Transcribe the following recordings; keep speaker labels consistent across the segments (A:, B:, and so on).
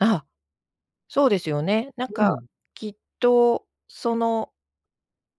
A: ああ！そうですよね。なん
B: う
A: か、
B: ん。
A: きっとその、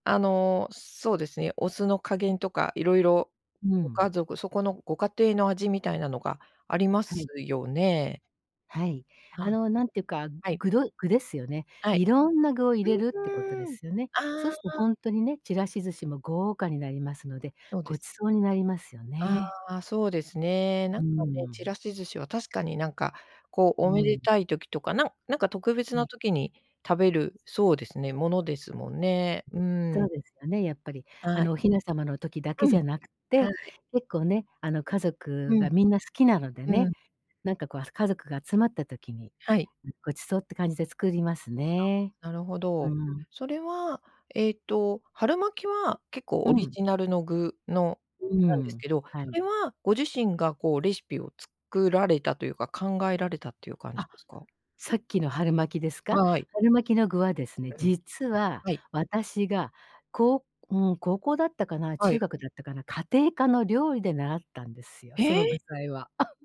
A: あの、そうですね。お酢の加減とか、いろいろ
B: う
A: ご
B: ん。
A: 家族、そこのご家庭の味みたいなのが、ありま
B: は
A: す
B: い。
A: よね。
B: はい、あ
A: はい、
B: のなんていうか、
A: はい。
B: 具どい具ですよね。
A: は
B: い
A: い、
B: ろんな具を入れるって
A: う
B: ことで
A: ーん、
B: すよね。そ
A: あ
B: うするとほ
A: あ。
B: んとにね、ちらし寿司も豪華になりますので、
A: そう
B: ご
A: です。
B: 馳走になりますよ
A: あ
B: ね。
A: あ、そうですね。
B: う
A: なんか
B: ー
A: ね、ち
B: ん。
A: らし寿司は確かになんか、こう
B: う
A: おめで
B: ん。
A: たい時とか、なんなんか特別
B: は
A: な
B: い。
A: 時に食べる、そうですね、ものですもんね。うー
B: そう
A: ん。
B: ですよね、やっぱり。あ
A: は
B: の
A: い。
B: お雛様の時だけ
A: う
B: じ
A: ん、
B: ゃなくっ
A: は
B: て、
A: い。
B: 結構ね、あの家
A: う
B: 族
A: ん。
B: がみんな好きなので
A: う
B: ね。
A: ん。
B: なんかこう、あ、家族が集まった時に、
A: はい。
B: ごちそうって感じで作りますね。
A: あ、なるほ
B: う
A: ど。
B: ん。
A: それは、ええと、春巻きは結構
B: う
A: オリ
B: ん。
A: ジナルの具の
B: うー
A: なんです
B: ん。
A: けど、
B: は
A: そ
B: い。
A: れはご自身が、こうレシピを作られたというか、考えられたっていう感じ
B: あ、
A: ですか？
B: さっきの春巻きですか？
A: はい。
B: 春巻きの具はですね、
A: うん。
B: 実は、
A: はい。
B: 私がこう、うん、高校だったかな、
A: は
B: 中
A: い。
B: 学だったかな、家庭科の料理で習ったんですよ、
A: へ
B: その具
A: え。
B: 材は。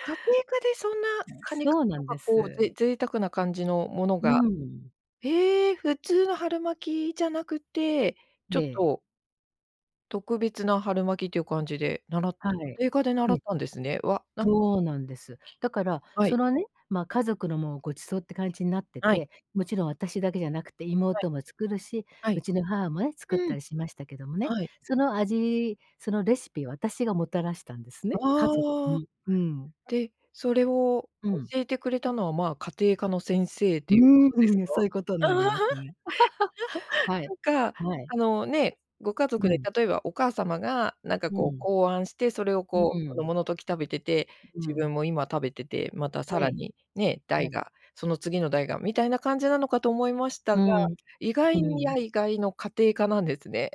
A: 家庭科でそんな、カニ
B: そ
A: 缶
B: うな
A: と
B: ん
A: か、
B: で
A: こう、
B: す。
A: ぜ贅沢な感じのもの
B: う
A: が。
B: ん。
A: へえ、普通の春巻きじゃなくって、ちょ
B: え
A: っ
B: え。
A: と特別な春巻きっていう感じで、習っ
B: はい。
A: た家庭科で
B: え
A: 習
B: え。
A: ったんですね。わ、なんか
B: そうなんです。だから、
A: は
B: そ
A: い。
B: のね、まあ、家族のもう、ご馳走って感じになって
A: はい。
B: て。もちろん私だけじゃなくて、
A: はい。
B: 妹も作るし、
A: は
B: う
A: い。
B: ちの母もね、作っ
A: う
B: た
A: ん、
B: りしましたけどもね。
A: はい。
B: その味、そのレシピを、私がもたらしたんですね、家族
A: ああ。
B: に。うん。
A: で、それを
B: うん。
A: 教えてくれたのは、まあ、家庭科の先生
B: う
A: ということです
B: ー
A: か？
B: ん、そういうことになります ね。はい、
A: なんか、
B: はい。
A: あの、ね、ご家族
B: う
A: で
B: ん。
A: 例えば、お母様がなんか
B: う
A: こう
B: ん。
A: 考案して、それを
B: う
A: こう、子
B: ん。
A: 供の時食べてて、
B: うう
A: 自
B: ん。
A: 分も今食べてて、またさ
B: は
A: ら
B: い、
A: に、ね、
B: は
A: 代
B: い。
A: が、その次の代が、みたいな感じなのかと思いました
B: う
A: が、
B: ん、
A: 意
B: う
A: 外に
B: ん。
A: や意外の家庭科なんですね。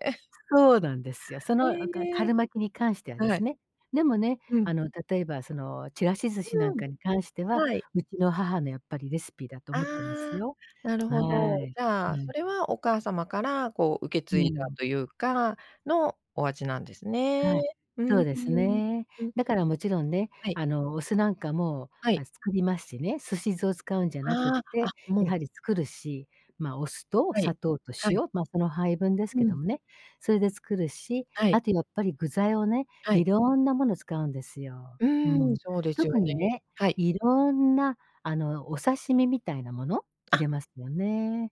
B: そうなんですよ。そのおか
A: へえ、
B: 春巻きに関してはで
A: は
B: す
A: い。
B: ね。でもね、
A: う
B: あ
A: ん。
B: の例えばその、ちらし寿司なん
A: うん、
B: かに関しては、
A: はい。
B: うちの母のやっぱりレシピだと
A: あ
B: 思ってます
A: あ、
B: よ。
A: なる
B: は
A: ほど。
B: い。
A: じゃあ、
B: は
A: そ
B: い。
A: れはお母様から、こう受け継
B: う
A: いだ
B: ん。
A: というかのお味なんですね。
B: はい、
A: うん。
B: そうで
A: う
B: す
A: ん、
B: ね。
A: うん。
B: だからもちろんね、
A: はい。
B: あのお酢なんかも、
A: はい。
B: あ、作りますしね。寿司酢を使うんじゃなくっ
A: ああ、
B: て、
A: あ、も
B: や
A: う
B: はり作るし。まあ、お酢と
A: はい、
B: 砂糖と
A: はい。
B: 塩、ま、その配分です
A: う
B: けど
A: ん。
B: もね。それで作るし、
A: は
B: あ
A: い。
B: とやっぱり具材をね、
A: はい。
B: 色んなもの使うんですよ。
A: う
B: う
A: ーん、
B: ん。
A: そうですよ
B: 特に
A: ね、
B: ね、
A: はい。
B: 色んなあの、お刺身みたいなもの、入
A: あ。
B: れますよね。